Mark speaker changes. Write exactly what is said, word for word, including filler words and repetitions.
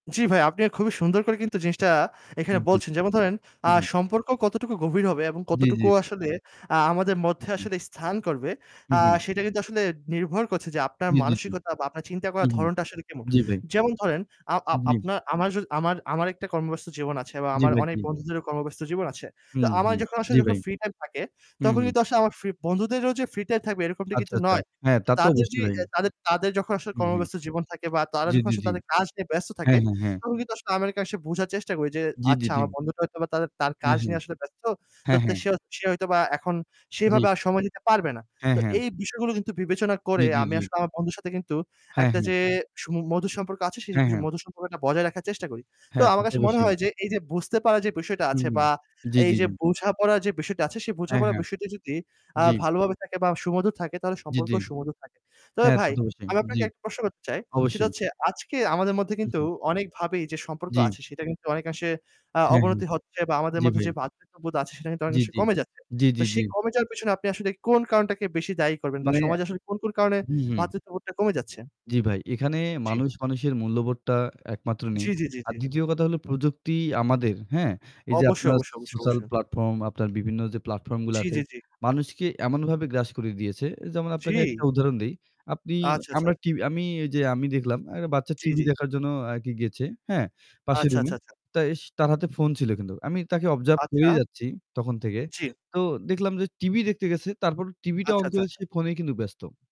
Speaker 1: জি ভাই, আপনিও খুবই সুন্দর করে কিন্তু জিনিসটা এখানে
Speaker 2: উম জি।
Speaker 1: বলছেন। যেমন ধরেন, আ
Speaker 2: উম হুম।
Speaker 1: সম্পর্ক কতটুকু গভীর হবে এবং
Speaker 2: জি, জি।
Speaker 1: কতটুকু আসলে, আ আমাদের
Speaker 2: হু,
Speaker 1: মধ্যে
Speaker 2: হু।
Speaker 1: আসলে স্থান করবে,
Speaker 2: উ
Speaker 1: আ
Speaker 2: হু।
Speaker 1: সেটা কিন্তু আসলে নির্ভর করছে যে আপনার
Speaker 2: জি, জি, জি।
Speaker 1: মানসিকতা বা আপনার চিন্তা করার
Speaker 2: উম হুম।
Speaker 1: ধরণটা আসলে কেমন।
Speaker 2: জি, ভাই।
Speaker 1: যেমন ধরেন, আ আ
Speaker 2: জি।
Speaker 1: আপনার আমার জ আমার আমার একটা কর্মব্যস্ত জীবন আছে বা
Speaker 2: জি,
Speaker 1: আমার
Speaker 2: ভাই।
Speaker 1: অনেক
Speaker 2: জি।
Speaker 1: বন্ধুদেরও কর্মব্যস্ত জীবন আছে।
Speaker 2: হু,
Speaker 1: তো
Speaker 2: হু।
Speaker 1: আমার যখন
Speaker 2: জি,
Speaker 1: আসলে যখন
Speaker 2: ভাই।
Speaker 1: free time থাকে
Speaker 2: হুম,
Speaker 1: তখন
Speaker 2: হুম।
Speaker 1: কিন্তু আসলে আমার free বন্ধুদেরও যে free time থাকবে এরকমটা কিন্তু
Speaker 2: আচ্চাচ্চা
Speaker 1: নয়।
Speaker 2: হ্যাঁ, তা তো
Speaker 1: তাদের যে
Speaker 2: অবশ্যই ভাই।
Speaker 1: এ তাদের তাদের যখন আসলে
Speaker 2: উম হুম।
Speaker 1: কর্মব্যস্ত জীবন থাকে বা তারা
Speaker 2: জি,
Speaker 1: যখন
Speaker 2: জি,
Speaker 1: আসলে
Speaker 2: জি।
Speaker 1: তাদের কাজ নিয়ে ব্যস্ত
Speaker 2: হ্যাঁ,
Speaker 1: থাকে
Speaker 2: হ্যাঁ, হ্যাঁ।
Speaker 1: তখন কিন্তু আসলে [unintelligible] আসে বোঝার চেষ্টা করি যে
Speaker 2: জি, জি,
Speaker 1: আচ্ছা
Speaker 2: জি।
Speaker 1: আমার বন্ধুটা হয়তো বা তার তার
Speaker 2: হ্যাঁ,
Speaker 1: কাজ
Speaker 2: হ্যাঁ।
Speaker 1: নিয়ে আসলে ব্যস্ত। তো
Speaker 2: হ্যাঁ,
Speaker 1: তো
Speaker 2: হ্যাঁ।
Speaker 1: সে সে হয়তো বা এখন
Speaker 2: জি।
Speaker 1: সেইভাবে আর সময় দিতে পারবে না।
Speaker 2: হ্যাঁ,
Speaker 1: তো
Speaker 2: হ্যাঁ।
Speaker 1: এই বিষয়গুলো কিন্তু বিবেচনা
Speaker 2: জি,
Speaker 1: করে
Speaker 2: জি,
Speaker 1: আমি
Speaker 2: জি।
Speaker 1: আসলে আমার বন্ধুর সাথে কিন্তু
Speaker 2: হ্যাঁ,
Speaker 1: একটা
Speaker 2: হ্যাঁ।
Speaker 1: যে সুম মধুর সম্পর্ক আছে সেই
Speaker 2: হ্যাঁ,
Speaker 1: সু
Speaker 2: হ্যাঁ।
Speaker 1: মধুর সম্পর্কটা বজায় রাখার চেষ্টা করি। তো
Speaker 2: হ্যাঁ তা
Speaker 1: আমার
Speaker 2: তো
Speaker 1: কাছে মনে
Speaker 2: বসেই।
Speaker 1: হয় যে এই যে বুঝতে পারা যে বিষয়টা
Speaker 2: উম
Speaker 1: আছে বা
Speaker 2: জি,
Speaker 1: এই
Speaker 2: জি,
Speaker 1: যে
Speaker 2: জি।
Speaker 1: বোঝাপড়া যে বিষয়টা আছে সেই
Speaker 2: অ্যা
Speaker 1: বোঝাপড়া
Speaker 2: হ্যাঁ,
Speaker 1: বিষয়টি যদি, আ
Speaker 2: জি।
Speaker 1: ভালো ভাবে থাকে বা সুমধুর থাকে তাহলে
Speaker 2: জি, জি।
Speaker 1: সম্পর্কও সুমধুর থাকে। তবে
Speaker 2: হ্যাঁ, তা
Speaker 1: ভাই,
Speaker 2: তো অবশ্যই।
Speaker 1: আমি
Speaker 2: জি
Speaker 1: আপনাকে একটা প্রশ্ন করতে চাই। সেটা
Speaker 2: অবশ্যই।
Speaker 1: হচ্ছে আজকে আমাদের মধ্যে কিন্তু
Speaker 2: উহু।
Speaker 1: অনেক ভাবেই যে সম্পর্ক
Speaker 2: জি।
Speaker 1: আছে সেটা কিন্তু অনেকাংশে আ
Speaker 2: হ্যাঁ, হ্যাঁ।
Speaker 1: অবনতি হচ্ছে বা আমাদের
Speaker 2: জি,
Speaker 1: মধ্যে,
Speaker 2: ভাই।
Speaker 1: যে ভ্রাতৃত্ববোধ আছে সেটা কিন্তু
Speaker 2: জি,
Speaker 1: অনেকাংশে
Speaker 2: জি।
Speaker 1: কমে যাচ্ছে।
Speaker 2: জি, জি,
Speaker 1: তো
Speaker 2: জি।
Speaker 1: সেই কমে যাওয়ার পিছনে আপনি আসলে কোন কারণটাকে বেশি দায়ী করবেন বা
Speaker 2: মানে
Speaker 1: সমাজে আসলে কোন, কোন কারণে
Speaker 2: হু, হু।
Speaker 1: ভ্রাতৃত্ববোধটা কমে যাচ্ছে?
Speaker 2: জি, ভাই। এখানে
Speaker 1: জি।
Speaker 2: মানুষ মানুষের মূল্যবোধটা একমাত্র নেই।
Speaker 1: জি, জি, জি,
Speaker 2: আর
Speaker 1: জি।
Speaker 2: দ্বিতীয় কথা হলো প্রযুক্তি আমাদের, হ্যাঁ? এই যে
Speaker 1: অবশ্যই,
Speaker 2: আপনার
Speaker 1: অবশ্যই, অবশ্যই,
Speaker 2: social
Speaker 1: অবশ্যই।
Speaker 2: platform, আপনার বিভিন্ন যে platform গুলা
Speaker 1: জি,
Speaker 2: আছে
Speaker 1: জি, জি।
Speaker 2: মানুষকে এমনভাবে গ্রাস করে দিয়েছে। যেমন আপনাকে একটা
Speaker 1: জি।
Speaker 2: উদাহরণ দেই। আপনি
Speaker 1: আচ্ছা, আচ্ছা।
Speaker 2: আমরা টি আমি ঐযে দেখলাম একটা বাচ্চা
Speaker 1: জি,
Speaker 2: টিভি
Speaker 1: জি।
Speaker 2: দেখার জন্য অ্যা কি গেচে, হ্যাঁ? পাশের
Speaker 1: আচ্ছা,
Speaker 2: রুমে।
Speaker 1: আচ্ছা, আচ্ছা।
Speaker 2: তা এস তার হাতে phone ছিল কিন্তু। আমি তাকে observe
Speaker 1: আচ্ছা।
Speaker 2: করেই যাচ্ছি তখন থেকে।
Speaker 1: জি।
Speaker 2: তো দেখলাম যে টিভি দেখতে গেছে তারপর টিভিটা
Speaker 1: আচ্ছা,
Speaker 2: on
Speaker 1: আচ্ছা,
Speaker 2: করে সে
Speaker 1: আচ্ছা।
Speaker 2: phone এই কিন্তু ব্যস্ত।